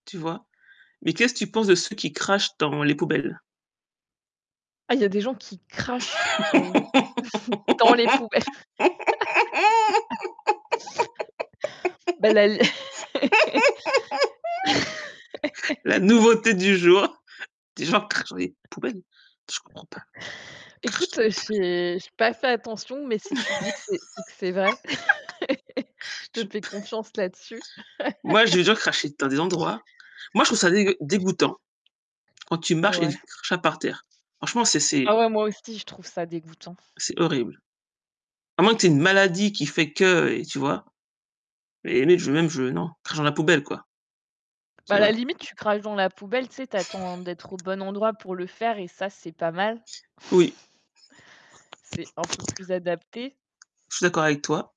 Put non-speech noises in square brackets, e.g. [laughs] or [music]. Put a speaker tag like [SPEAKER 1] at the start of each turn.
[SPEAKER 1] Tu vois? Mais, qu'est-ce que tu penses de ceux qui crachent dans les poubelles?
[SPEAKER 2] Ah, il y a des gens qui crachent! Oui, [chuckles] dans les poubelles. [laughs] Bah, là l [laughs]
[SPEAKER 1] [laughs] La nouveauté du jour! [chuckles] Des gens crachent dans les
[SPEAKER 2] [laughs]
[SPEAKER 1] poubelles? Je comprends pas, crachent dans
[SPEAKER 2] Écoute,
[SPEAKER 1] les poubelles? [chuckles]
[SPEAKER 2] j'ai j'ai pas fait attention, mais, si tu le dis que c'est c'est que c'est vrai, [laughs] je
[SPEAKER 1] [laughs]
[SPEAKER 2] te
[SPEAKER 1] Je
[SPEAKER 2] fais
[SPEAKER 1] p
[SPEAKER 2] confiance là-dessus.
[SPEAKER 1] Moi, j'ai [unintelligible] cracher dans des endroits, moi, je trouve ça dégueu dégoûtant, quand
[SPEAKER 2] [laughs]
[SPEAKER 1] tu marches et il y
[SPEAKER 2] Ouais.
[SPEAKER 1] a du crachat par terre. Franchement, c'est
[SPEAKER 2] Ah,
[SPEAKER 1] c'est
[SPEAKER 2] ouais, moi aussi, je trouve ça dégoûtant.
[SPEAKER 1] c'est horrible. À moins, que tu aies une maladie qui fait que et tu vois? Mais et mais je même je non! Crache dans la poubelle, quoi.
[SPEAKER 2] Bah,
[SPEAKER 1] Tu
[SPEAKER 2] à la
[SPEAKER 1] vois?
[SPEAKER 2] limite, tu craches dans la poubelle, tu sais, tu attends d'être au
[SPEAKER 1] [chuckles]
[SPEAKER 2] bon endroit, pour le faire, et ça, c'est pas mal.
[SPEAKER 1] Oui.
[SPEAKER 2] [chuckles] C'est un peu plus adapté.
[SPEAKER 1] Je suis d'accord avec toi!